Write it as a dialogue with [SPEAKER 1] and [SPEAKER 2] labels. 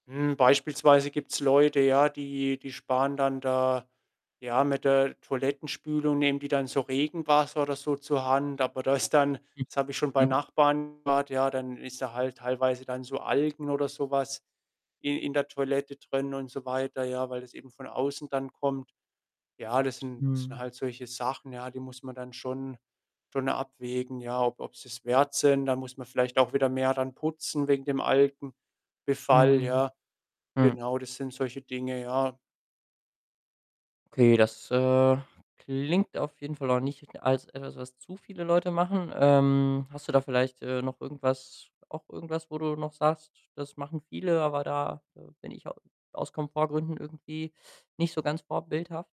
[SPEAKER 1] Mhm, beispielsweise gibt's Leute, ja, die die sparen dann da ja, mit der Toilettenspülung nehmen die dann so Regenwasser oder so zur Hand, aber das ist dann
[SPEAKER 2] Hm.
[SPEAKER 1] das habe ich schon bei
[SPEAKER 2] Mhm.
[SPEAKER 1] Nachbarn gehört, ja, dann ist da halt teilweise dann so Algen oder so was i in der Toilette drin und so weiter, ja, weil das eben von außen dann kommt. Ja, das sind sind
[SPEAKER 2] Mhm.
[SPEAKER 1] halt solche Sachen, ja, die muss man dann schon schon abwägen, ja, ob ob sie es wert sind. Da muss man vielleicht auch wieder mehr dann putzen wegen dem Algenbefall,
[SPEAKER 2] Mhm.
[SPEAKER 1] ja.
[SPEAKER 2] Hm.
[SPEAKER 1] Genau, das sind solche Dinge, ja.
[SPEAKER 2] Okay, das, äh, klingt auf jeden Fall auch nicht als etwas, was zu viele Leute machen. Ähm, hast du da vielleicht, äh, noch irgendwas auch irgendwas, wo du noch sagst: „Das machen viele, aber da, äh, bin ich au aus Komfortgründen irgendwie nicht so ganz vorbildhaft?“